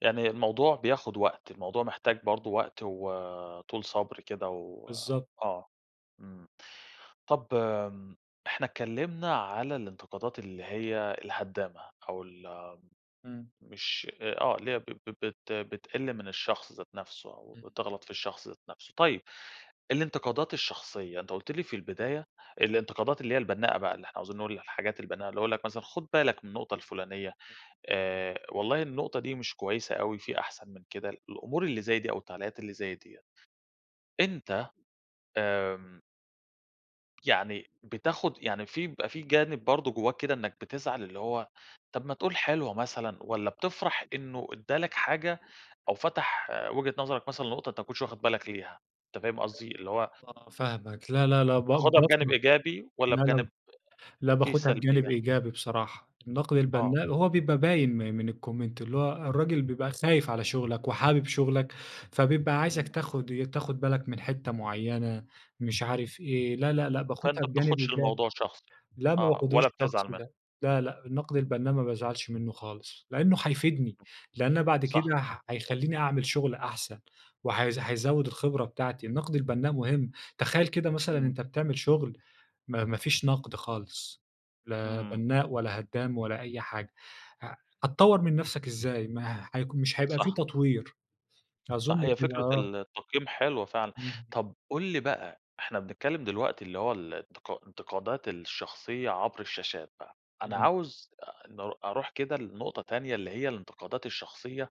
يعني الموضوع بياخد وقت، الموضوع محتاج برضو وقت، وطول صبر كده بالضبط. وآه. امم، طَب آمم إحنا اتكلمنا على الانتقادات اللي هي الهدامة، أو ال امم. مش، آآ، آه اللي هي ب ب بت بتقل من الشخص ذات نفسه، أو امم. بتغلط في الشخص ذات نفسه. طيب، الانتقادات الشخصية أنتَ قُلْت لي في البداية، الانتقادات اللي هي البناءة بقى، اللي إحنا عاوزين نقول الحاجات البنَّاءة، اللي هو يقول لَك مثلًا خد بالك من النقطة الفلانية، آآ والله النقطة دي مش كويسة أوي في أحسن من كده، ال الأمور اللي زي دي أو التعليقات اللي زي ديَّة. أنتَ، آمم يعني بتاخد يعني في بيبقى في جانب برضو جوّاك كده، إنك بتزعل اللي هو طَب ما تقول حلوة مثلًا، والَّا بتفرح إنه ادى لَك حاجة، أو فتح وجهة نظرك مثلًا لنقطة أنتَ ما كنتش واخد بالك ليها، أنتَ فاهم قصدي؟ اللي هو آه، فاهمك لا، لا، لا ب تاخدها بجانب بافرح إيجابي والَّا لا، لا، بجانب لا فيه باخدها بجانب سلبية؟ إيجابي بصراحة. النقد آه. البنَّاء هو بيبقى باين م من الcomment اللي هو الراجل بيبقى خايف على شغلك، وحابب شغلك، فبيبقى عايزك امم. تاخد ي تاخد بالك من حتّة معينة، مش عارف إيه لا، لا، لأ، باخدها فأنتَ ما بجانب بتاخدش إيجابي. الموضوع شخصي. لأ، ما آه، باخدهوش ولا بتزعل شخصي منُّه. لأ، لا، لأ، النقد امم. البنَّاء ما بازعلش منُّه خالص. لأنه هيفيدني، لأن بعد صح. كده ه هيخليني أعمل شغل أحسن، و هـيز هيزود الخبرة بتاعتي، النقد البنَّاء مهم، تخيَّل كده مثلًا امم. أنتَ بتعمل شغل ما ما فيش نقد خالص، لا امم. بنَّاء ولا هدَّام ولا أي حاجة، ه هتطور من نفسك إزاي؟ ما هيك مش هيبقى في صح. تطوير، أظن صح هي كده فكرة آه. ال التقييم حلوة فعلًا، امم. طب قل لي بقى إحنا بنتكلم دلوقتي اللي هو ال الانتقا الانتقادات الشخصية عبر الشاشات بقى، أنا امم. عاوز أ ن أروح كده لنقطة تانية اللي هي الانتقادات الشخصية،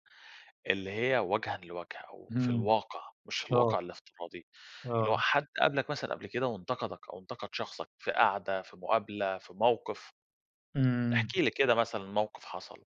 اللي هي وجهًا لوجه أو في امم، الواقع، مش في آه. الواقع الافتراضي، اللي هو آه. حد قابلك مثلًا قبل كده وانتقدك، أو انتقد شخصك في قعدة، في مقابلة، في موقف. امم. احكِ لي كده مثًلا موقف حصل.